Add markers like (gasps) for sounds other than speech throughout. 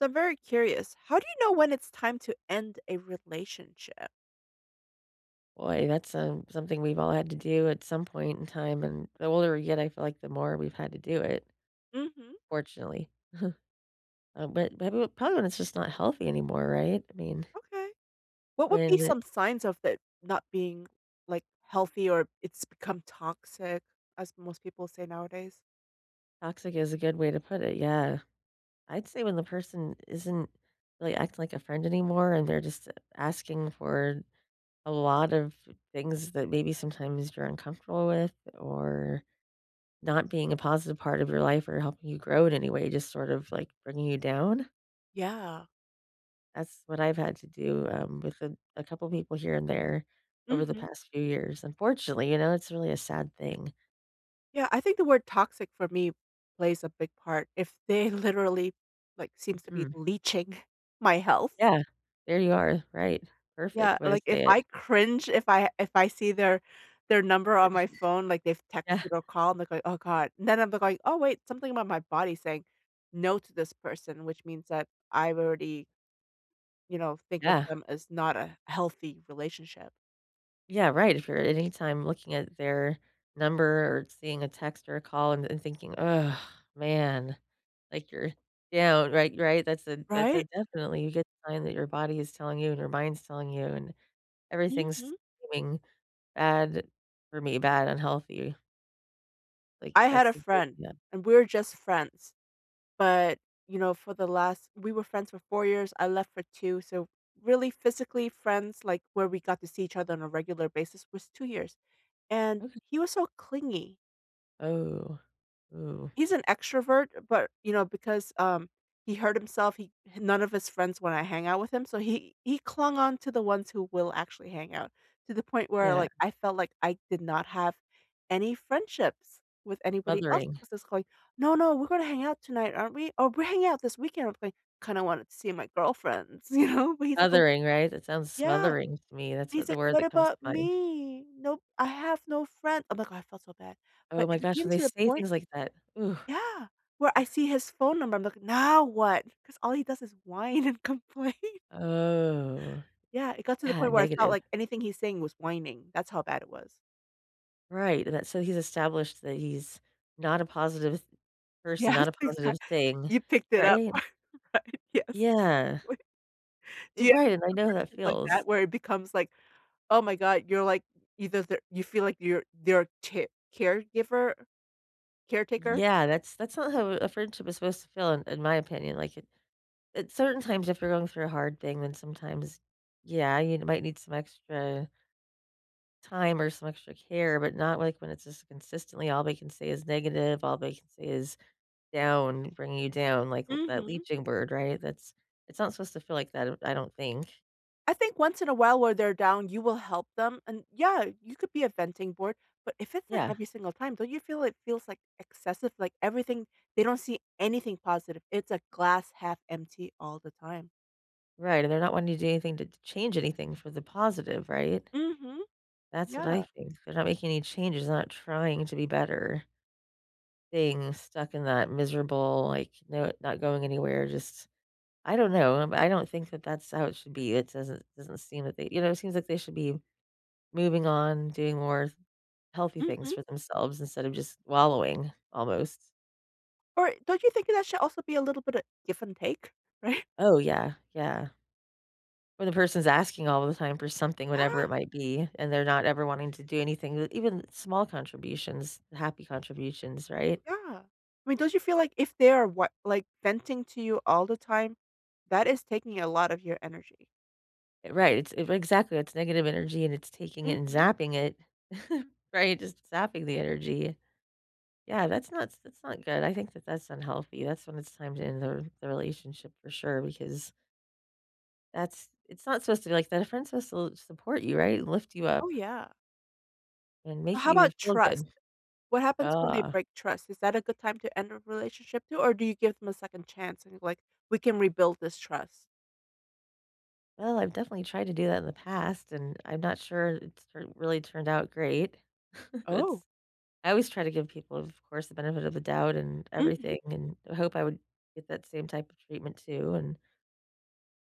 So, I'm very curious. How do you know when it's time to end a relationship? Boy, that's, um, something we've all had to do at some point in time, and the older we get, I feel like the more we've had to do it, Mhm. fortunately. (chuckles) Um, but but w probably when it's just not healthy anymore, right? I mean Okay. What would be when some signs of it not being, like, healthy or it's become toxic, as most people say nowadays? Toxic is a good way to put it, yeah. I'd say when the person isn't really acting like a friend anymore and they're just asking for a lot of things that maybe sometimes you're uncomfortable with or not being a positive part of your life or helping you grow in any way, just sort of, like, bringing you down. Yeah. That's what I've had to do, um, with a a couple people here and there over the Mhm. past few years, unfortunately, you know, it's really a sad thing. Yeah, I think the word toxic for me plays a big part if they literally, like, seems to be Mhm. leeching my health. Yeah. There you are, right, Yeah, perfect way to like, if say I it. cringe, if I if I see their their number on my phone, like, they've (laughs) Yeah. texted or called, they're like, "Oh god," and then I'd look, like, "Oh, wait." Something about my body saying "no" to this person, which means that I've already you know, think of Yeah. them as not a healthy relationship. Yeah, right, if you're at any time looking at their number or seeing a text or a call and and thinking, "Ugh, man," like you're down, right, right, that's a that's a Right? definitely a good sign that your body is telling you and your mind's telling you and everything's Mhm. seeming bad for me bad, unhealthy. Like, I had that's a the good friend, yep. and we're just friends. But, you know, for the last we were friends for 4 years, I left for 2, so, really, physically friends, like, where we got to see each other on a regular basis was 2 years, and Okay. he was so clingy. Oh. Ooh. He's an extrovert, but, you know, because, um, he hurt himself, he h none of his friends wanna hang out with him, so he he clung on to the ones who will actually hang out, to the point where, Yeah. like, I felt like I did not have any friendships with anybody else Smothering. 'cause it's like, "No, no. We're gonna hang out tonight, aren't we? Oh, we're hanging out this weekend, with me," kinda wanted to see my girlfriends, you know, but he's like, "Oh" Smothering, right? That sounds Yeah, smothering to me, that's what he's like, the word "What that comes to about mind. me? Nope. I have no friend" I'm like, "Oh," I felt so bad. But Oh my it gosh, became when they to the say point things like that, ooh. yeah, where I (scoffs) see his phone number, I'm like, "Now what?" Because all he does is whine and complain. Oh, Yeah, it got to the yeah, point where I felt negative. like anything he's saying was whining, that's how bad it was. Right, and that so he's established that he's not a positive s person, Yes, not a positive exact thing. you picked it up Right? (chuckles) right, yes, Yeah. exactly. Do Eh, you have right and I some know how that friendship like feels. that, where it becomes, like, oh my god, you're, like, either their you feel like you're their tear caregiver? Caretaker? Yeah, that's that's not how a friendship is supposed to feel in in my opinion, like, at at certain times, if you're going through a hard thing, then sometimes, yeah, you’d might need some extra time or some extra care, but not, like, when it's just consistently all they can say is negative, all they can say is down, bringing you down, like, l that Mhm. leaching bird, right? That's it's not supposed to feel like that, I don't think. I think, once in a while, while they're down, you will help them. And, yeah, you could be a venting board, but if it's, like, Yeah. every single time, don't you feel it feels, like, excessive? Like, everything they don't see anything positive. It's a glass 1/2 empty all the time. Right, and they're not wanting to do anything to t change anything for the positive, right? Mhm. That's what I Yeah. think. They're not making any changes, they're not trying to be better. Being stuck in that miserable, like, no not going anywhere. Just I don't know, I'm I don't think that that's how it should be. It doesn't doesn't seem that they you know, seems like they should be moving on, doing more healthy things Mhm. for themselves instead of just wallowing, almost. Or don't you think that that should also be a little bit of give and take? Right? Oh, yeah. Yeah. Or the person's asking all of the time for something, whatever it (gasps) might be, and they're not ever wanting to do anything that even small contributions, happy contributions, right? Yeah, I mean, don't you feel like if they are, what, like, venting to you all the time, that is taking a lot of your energy. Right. It's if exactly. It's negative energy, and it's taking it and Mhm. zapping it, (chuckles) right, just zapping the energy. Yeah. That's not s that's not good. I think that that's unhealthy. That's when it's time to end the r the relationship, for sure, because that's It's not supposed to be like that. A friend's suppose to l support you, right, and lift you Oh, up yeah. and make How you about feel trust? good. What happens when they Ugh. break trust? Is that a good time to end a relationship, too, or do you give them a 2nd chance and, like, we can rebuild this trust? Well, I've definitely tried to do that in the past, and I'm not sure it's r really turned out great. (chuckles) Oh. It's I always try to give people, of course, the benefit of the doubt and Mhm. everything, and I hope I would get that same type of treatment, too. And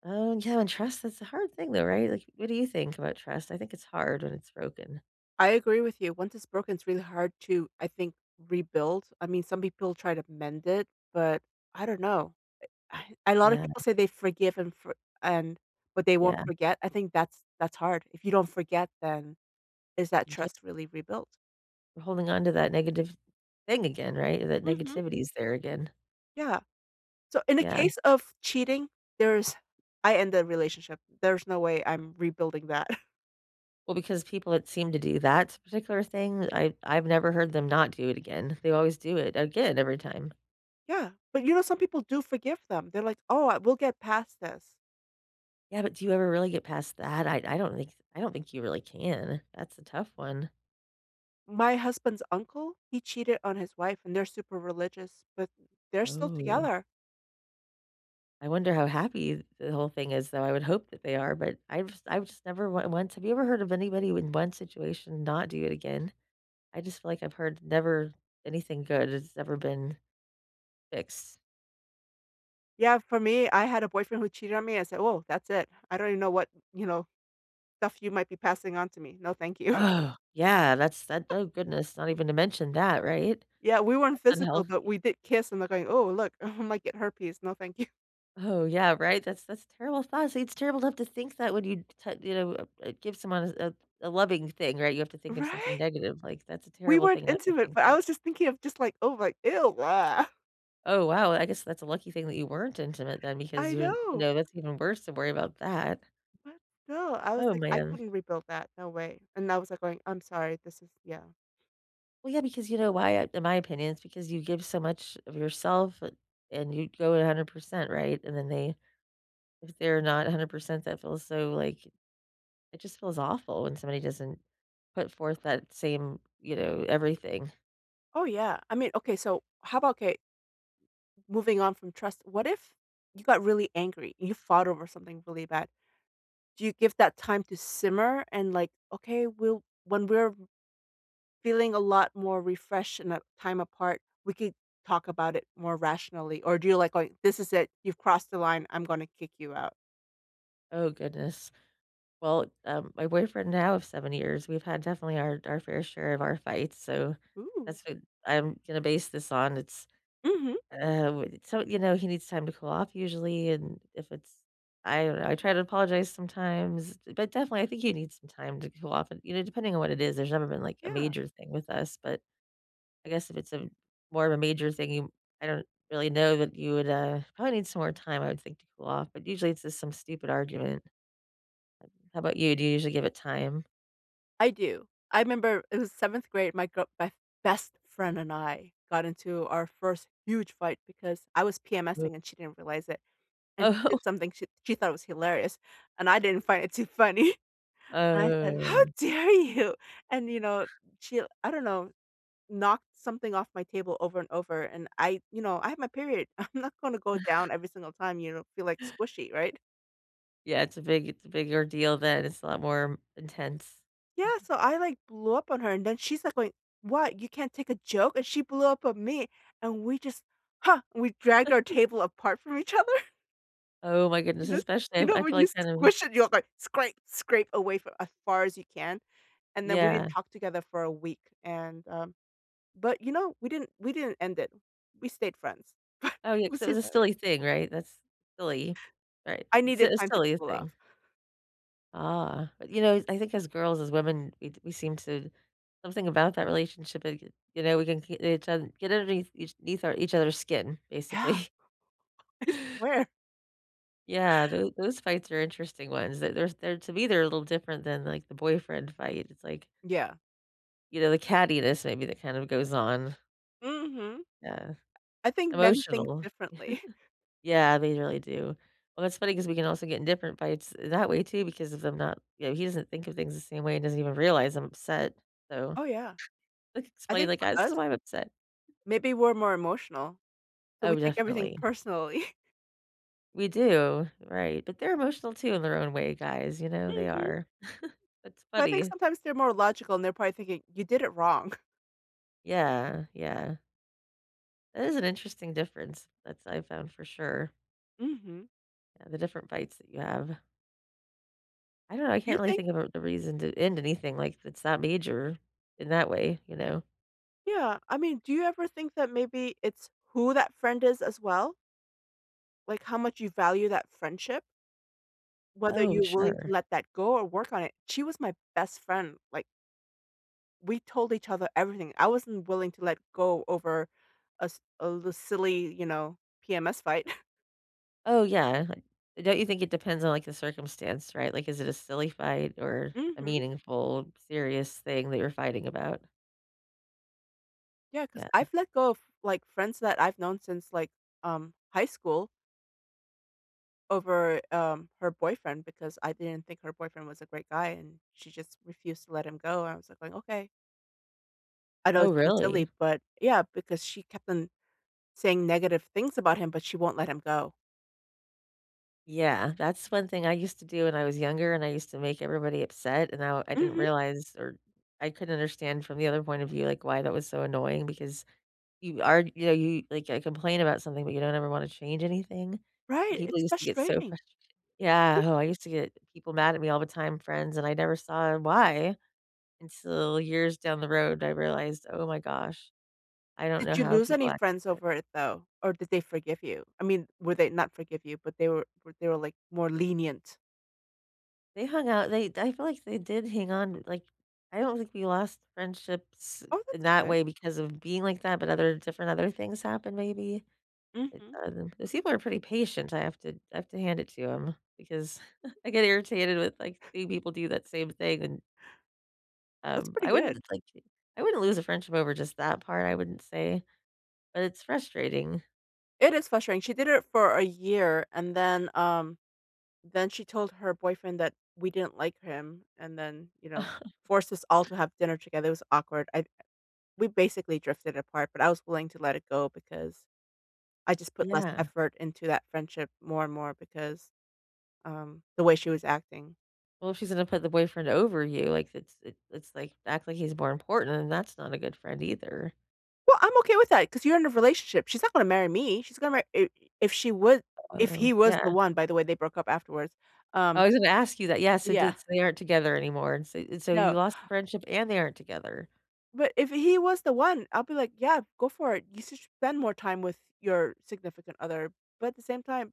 Oh, yeah, and trust is a hard thing, though, right? Like, what do you think about trust? I think it's hard when it's broken. I agree with you. Once it's broken, it's really hard to, I think, rebuild. I mean, some people try to mend it, but I don't know. Eh I (sighs) a lot of Yeah. people say they forgive and for and, but they won't Yeah. forget. I think that's that's hard. If you don't forget then, is that Ye trust really rebuilt? Holding on to that negative, thing again, right? That Mhm. negativity is there again. Yeah. So, in the Yeah. case of cheating, there's I end the relationship, there's no way I'm rebuilding that. (chuckles) Well, because people that seem to do that particular thing, I I've never heard them not do it again. They always do it again every time. Yeah. But, you know, some people do forgive them. They're like, "Oh, uh, we'll get past this." Yeah, but do you ever really get past that? I I don't think I don't think you really can. That's a tough one. My husband's uncle, he cheated on his wife, and they're super religious, but they're still Oh. together. I wonder how happy the whole thing is, though, I would hope that they are, but I was I was never w went have you ever heard of anybody with one situation not do it again? I just feel like I've heard never anything good has ever been fixed. Yeah, for me, I had a boyfriend who cheated on me. I said, "Oh, that's it. I don't even know what, you know, stuff you might be passing on to me. No, thank you." Ugh, yeah. That's that (giggles) oh, goodness. Not even to mention that, right? Yeah, we weren't That's physical, but unhealthy. we did kiss, and they're going, "Oh, look. (chuckles) Might get herpes. No. Thank you." Oh, yeah, right? That's that's terrible thoughts. It's terrible to have to think that when you t You know, uh, eh, give someone a s a loving thing, right? You have to think of something Right? negative. Like, that's a We terrible weren't thing to have to intimate, think but that I way was just thinking of just, like, "Oh my, ew, bleh." (chuckles) Oh, wow. I guess that's a lucky thing that you weren't intimate then because I you're you know. know, that's even worse to worry about that. But still, I was Oh, like, "I man. couldn't rebuild that. No way." And I was like going, "I'm sorry. This is" Yeah. Well, yeah, because you know why? Uh, in my opinion, it's because you give so much of yourself, bu and you go 100%, right? And then they if they're not 100%, that feels so, like it just feels awful when somebody doesn't put forth that same, you know, everything. Oh, yeah. I mean, okay. So how about, 'kay moving on from trust, what if you got really angry? You fought over something really bad. Do you give that time to simmer and, like, "Okay, we'll when we're feeling a lot more refreshed in that time apart, we could talk about it more rationally." Or do you like going, "This is it. You've crossed the line. I'm gonna kick you out." Oh goodness. Well, um, my boyfriend now of 7 years, we've had definitely our our fair share of our fights, so Ooh. that's what I'm gonna base this on, it's, Mhm. uh, what it so, you know, he needs time to cool off usually, and if it's I don't know, I try to apologize sometimes, d but, definitely, I think he needs some time to cool off, and, you know, depending on what it is, there's never been, like, a Yeah. major thing with us, but I guess if it's a more of a major thing he I don't really know that you would, uh, probably need some more time, I would think, to cool off, but, usually, it's just some stupid argument. How 'bout you? Do you usually give it time? I do. I 'member it was 7th grade, my girl my f best friend and I got into our first huge fight because I was Hu PMS-ing, and she didn't realize it. And she Oh. did something sh she thought was hilarious, and I didn't find it too funny. I said, “How Oh. dare you? “And, you know, she I don't know, knocked something off my table over and over, and I, you know, I have my period, I'm not gonna go down (chuckles) every single time you don't feel like squishy, right? Yeah, it's a big it's a big ordeal then. It's a lot more intense. Yeah, (chuckles) so I, like, blew up on her, and then she's like, going, "What? You can't take a joke?" And she blew up on me, and we just Ha! We dragged our (chuckles) table apart from each other. Oh my goodness, You know especially you if know I when feel you like, kind of squish it, you're like, "Scrape, scrape away," for as far as you can? And then we didn't Yeah. talk together for a week. And, um, but, you know, we didn't we didn't end it. We stayed friends. (chuckles) Oh, yeah, It 'cause was it was a hilari silly thing, right? That's silly, right, I it's needed a time to silly cool thing. off. Ah, but, you know, I think as girls, as women, we we seem to something about that relationship, like, you know, we can k each other get underneath each eth each other's skin, Yeah. basically. (chuckles) I swear. Yeah, tho those fights are interesting ones, th there's, they're to me, they're a little different than, like, the boyfriend fight, it's like Yeah. you know, the cattiness, maybe, that kind of goes on. Mhm. Yeah. I I think men think Emotional. (laughs) differently. Yeah, they really do. Well, that's funny 'cause we can also get in different fights that way, too, because of them not you know, he doesn't think of things the same way and doesn't even realize I'm upset, so Oh, yeah. like, I explain, think like, for "Ah, this is us why I'm upset." maybe we're more emotional. So we Oh, take everything definitely. personally. We do, right, but they're emotional, too, in their own way, guys. You know? They Mhm. are, (chuckles) that's But I think funny. sometimes they're more logical, and they're probably thinking, "You did it wrong." Yeah. Yeah. That is an interesting difference that's I found for sure. Mhm. Yeah. The different fights that you have. I don't know. I Do you can't really think think of the reason to end anything. Like, it's that major, in that way. You know? Yeah, I mean, do you ever think that maybe it's who that friend is as well? Like, how much you value that friendship? Whether Oh, you're willing to sure. let that go or work on it. She was my best friend. Like we told each other everything. I wasn't willing to let go over a s a little silly, you know, PMS fight. (chuckles) Oh, yeah. Don't you think it depends on, like, the circumstance? Right? Like, is it a silly fight or a Mhm. meaningful, serious thing that you're fighting about? Yeah, 'cause Yeah. I've let go of, like, friends that I've known since, like, um, high school over, um, her boyfriend because I didn't think her boyfriend was a great guy, and she just refused to let him go. I was like going, "Okay" I know Oh, it seems really? silly, but yeah, because she kept on saying negative things about him, but she won't let him go. Yeah. That's one thing I used to do when I was younger, and I used to make everybody upset, and now I didn't Mhm. realize or I couldn't understand from the other point of view, like, why that was so annoying because you are you know y you like, I complain about something, but you don't ever wanna change anything. Right, People it's used to get so frustrating. frust Yeah, oh, I used to get people mad at me all the time, friends, and I never saw why until years down the road, I realized, oh my gosh, I don't Did know you how lose people any act friends (unintelligible) over it though? Or did they forgive you? I mean, would they not forgive you, but they were they were, like, more lenient? They hung out, they I feel like they did hang on, like, I don't think we lost friendships Oh, in that's that good. way because of being like that, but other different other things happened maybe. Mhm. (unintelligible) 'cause people are pretty patient, I have to I have to hand it to 'em because (chuckles) I get irritated with, like, seeing people do that same thing, and That's Um, pretty I good. wouldn't, like, I wouldn't lose a friendship over just that part, I wouldn't say. But it's frustrating. It is frustrating, she did it for a year, and then, um, then she told her boyfriend that we didn't like him and then, you know, (laughs) forced us all to have dinner together, it was awkward. I we basically drifted apart, but I was willing to let it go because I just put less Yeah. effort into that friendship more and more because, um, the way she was acting. Well, if she's gonna put the boyfriend over you, like, it's it's it's like, act like he's more important, then that's not a good friend either. Well, I'm okay with that, ‘cause you're in a relationship. She's not gonna marry me. She's gonna marry i if she would, if Oh, he was the yeah. one- by the way, they broke up afterwards, um I was gonna ask you that, yes. So Yeah. did they aren't together anymore. And so and so No. you lost the friendship, and they aren't together. But if he was the one, I'll be like, “Yeah, go for it. You should spend more time with your significant other,” but at the same time,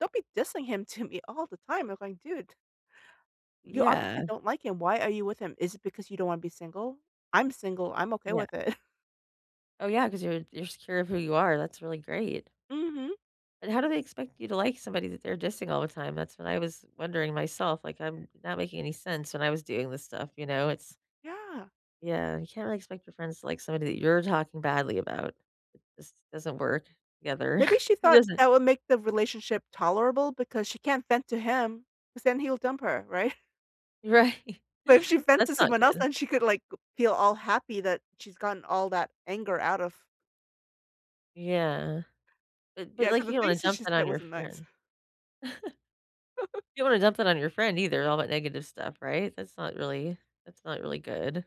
don't be dissing him to me all the time. I'm going, “Dude" "you, obviously, Yeah. don't like him. Why are you with him? Is it because you don't wanna be single? I'm single, I'm okay Yeah. with it.“ Oh, yeah, ‘cause you're you're secure of who you are, that's really great. Mhm. And how do they expect you to like somebody that they're dissing all the time? That's what I was wondering myself, like, I'm not making any sense when I was doing this stuff, you know, it's Yeah. Yeah, you can't really expect your friends to like somebody that you're talking badly about. It just doesn't work together. Maybe (chuckles) she It thought doesn't. that would make the relationship tolerable because she can't vent to him, 'cause then he'll dump her, right? Right. But if she vent to That's not someone else, good. then she could, like, g feel all happy that she's gotten all that anger out of Yeah. but but, Yeah, ‘cause like, the you don't wanna things that dump she that said on your wasn't nice. friend. (chuckles) (chuckles) You don't wanna dump that on your friend either, all that negative stuff, right? That's not really that's not really good.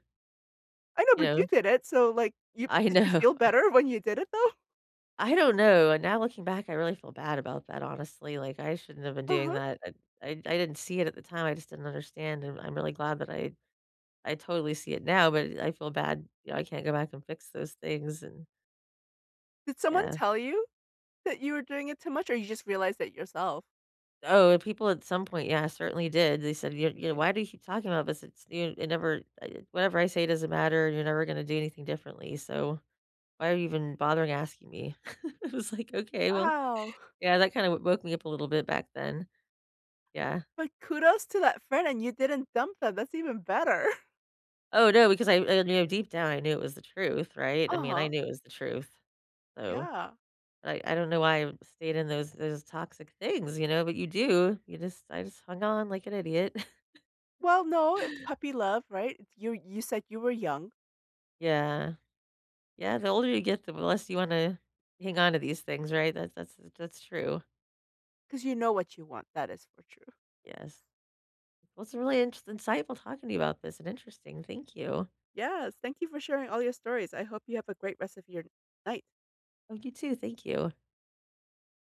I know, You but know? you did it, so, like, you I did you know. feel better when you did it, though? I don't know, and now looking back, I really feel bad about that, honestly, like, I shouldn't have been doing Uh-huh. that. I I I didn't see it at the time, I just didn't understand, and I'm really glad that I I totally see it now, but I feel bad, you know, I can't go back and fix those things, and Did someone Yeah. tell you, that you were doing it too much, or you just realized it yourself? Oh, people at some point, yeah, certainly did. They said, you're yeah, Okay. “Why do you keep talking about this? It's you it never I whatever I say doesn't matter, you're never gonna do anything differently, so, why are you even bothering asking me?” I was like, “Okay, well.” Wow. Yeah, that kinda w woke me up a little bit back then. Yeah. But kudos to that friend, and you didn't dump them. That's even better. Oh, no, because I I knew deep down, I knew it was the truth, right? I mean, I Uh-huh. knew it was the truth. So, Yeah. I I don't know why I stayed in those those toxic things, you know, but you do, you just I just hung on like an idiot. (chuckles) Well, no. It's puppy love, right? It’s your you said you were young. Yeah. Yeah, the older you get, the w less you wanna hang on to these things, right? That that's s that's true. ‘Cause you know what you want. That is for true. Yes. Well, it's really intr insightful talking to you about this and interesting, thank you. Yes, thank you for sharing all your stories, I hope you have a great rest of your night. Oh, you too, thank you.